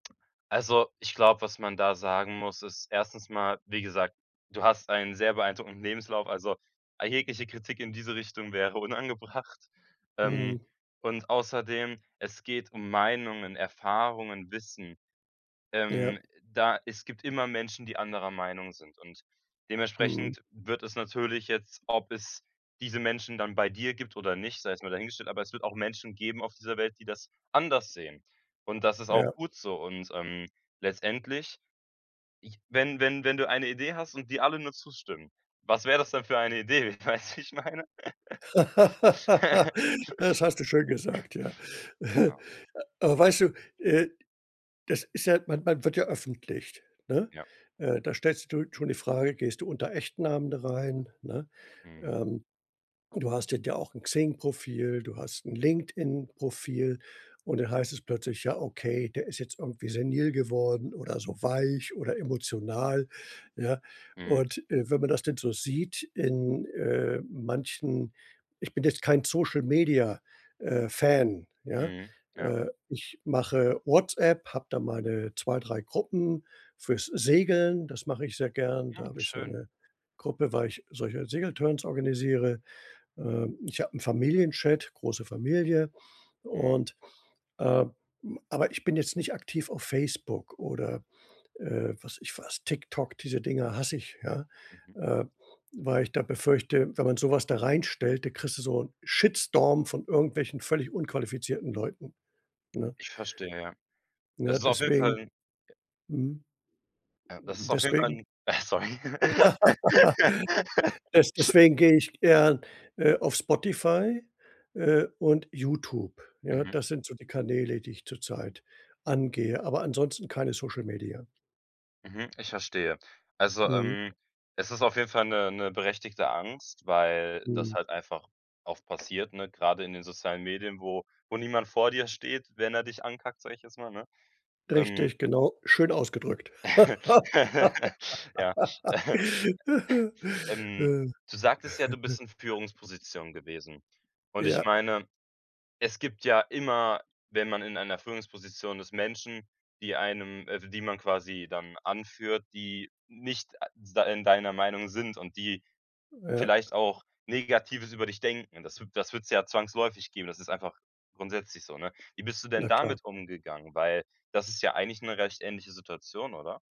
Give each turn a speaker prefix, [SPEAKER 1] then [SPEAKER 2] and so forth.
[SPEAKER 1] Also, ich glaube, was man da sagen muss, ist 1. mal, wie gesagt, du hast einen sehr beeindruckenden Lebenslauf, also, jegliche Kritik in diese Richtung wäre unangebracht. Ähm,
[SPEAKER 2] Mhm.
[SPEAKER 1] und außerdem, es geht um Meinungen, Erfahrungen, Wissen.
[SPEAKER 2] Ja.
[SPEAKER 1] Ähm, da es gibt immer Menschen, die anderer Meinung sind, und
[SPEAKER 2] Mhm.
[SPEAKER 1] dementsprechend wird es natürlich jetzt ob es diese Menschen dann bei dir gibt oder nicht, sei jetzt mal dahingestellt, aber es wird auch Menschen geben auf dieser Welt, die das anders sehen, und das ist auch
[SPEAKER 2] Ja.
[SPEAKER 1] gut so. Und, ähm, letztendlich ich wenn wenn wenn du eine Idee hast und dir alle nur zustimmen, was wäre das denn für eine Idee, weißt du, wie ich meine?
[SPEAKER 2] Das hast du schön gesagt. Ja.
[SPEAKER 1] Genau.
[SPEAKER 2] Aber weißt du, äh, das ist ja man man wird ja öffentlich, ne?
[SPEAKER 1] Ja.
[SPEAKER 2] Äh, da stellst du schon die Frage: „Gehst du unter echten Namen da rein?“, ne?
[SPEAKER 1] Mhm.
[SPEAKER 2] Ähm, und du hast da ja auch 'n Xing-Profil, du hast 'n LinkedIn-Profil, und dann heißt es plötzlich: „Ja, okay, der ist jetzt irgendwie senil geworden oder so weich oder emotional”, ja?
[SPEAKER 1] Mhm.
[SPEAKER 2] Und, äh, wenn man das denn so sieht in, äh, manchen ich bin jetzt kein Social Media äh, Fan, ja?
[SPEAKER 1] Mhm, ja.
[SPEAKER 2] Äh, ich mache WhatsApp, hab da meine 2, 3 Gruppen fürs Segeln das mache ich sehr gern. Da
[SPEAKER 1] Mm,
[SPEAKER 2] habe ich so
[SPEAKER 1] schön.
[SPEAKER 2] 'ne Gruppe, weil ich solche Segeltörns organisiere. Ähm, ich habe 'n Familienchat,- große Familie,-
[SPEAKER 1] Mhm.
[SPEAKER 2] und, ähm aber ich bin jetzt nicht aktiv auf Facebook oder, äh, weiß ich was, TikTok, diese Dinger hasse ich, ja,
[SPEAKER 1] Mhm.
[SPEAKER 2] äh, weil ich da befürchte, wenn man sowas da reinstellt, dann kriegst du so 'n Shitstorm von irgendwelchen völlig unqualifizierten Leuten, ne?
[SPEAKER 1] Ich verstehe, ja. Das
[SPEAKER 2] Ja,
[SPEAKER 1] ist auf jeden Fall
[SPEAKER 2] deswegen.
[SPEAKER 1] 'n J
[SPEAKER 2] Mhm.
[SPEAKER 1] Ja, das ist auf jeden Fall
[SPEAKER 2] Deswegen
[SPEAKER 1] 'n Äh, sorry.
[SPEAKER 2] des deswegen gehe ich eher, äh, auf Spotify, äh, und Youtube. Ja,
[SPEAKER 1] Mhm.
[SPEAKER 2] das sind so die Kanäle, die ich zur Zeit angehe, aber ansonsten keine Social Media.
[SPEAKER 1] Mhm, ich verstehe. Also,
[SPEAKER 2] Mhm.
[SPEAKER 1] ähm, es ist auf jeden Fall 'ne 'ne berechtigte Angst, weil das
[SPEAKER 2] Mhm.
[SPEAKER 1] halt einfach oft passiert, ne, grade in den sozialen Medien, wo wo niemand vor dir steht, wenn er dich ankackt, sag ich jetzt mal, ne? Ähm
[SPEAKER 2] Richtig, genau, schön ausgedrückt.
[SPEAKER 1] Ja. Ähm, du sagtest ja, du bist in Führungspositionen gewesen, und ich
[SPEAKER 2] Ja.
[SPEAKER 1] meine, es gibt ja immer, wenn man in einer Führungsposition ist, Menschen, die einem äh w die man quasi dann anführt, die nicht a da in deiner Meinung sind, und die
[SPEAKER 2] Ja.
[SPEAKER 1] vielleicht auch Negatives über dich denken. Das wü das würd's ja zwangsläufig geben, das ist einfach grundsätzlich so, ne? Wie bist du denn
[SPEAKER 2] Na klar.
[SPEAKER 1] damit umgegangen? Weil, das ist ja eigentlich 'ne recht ähnliche Situation, oder?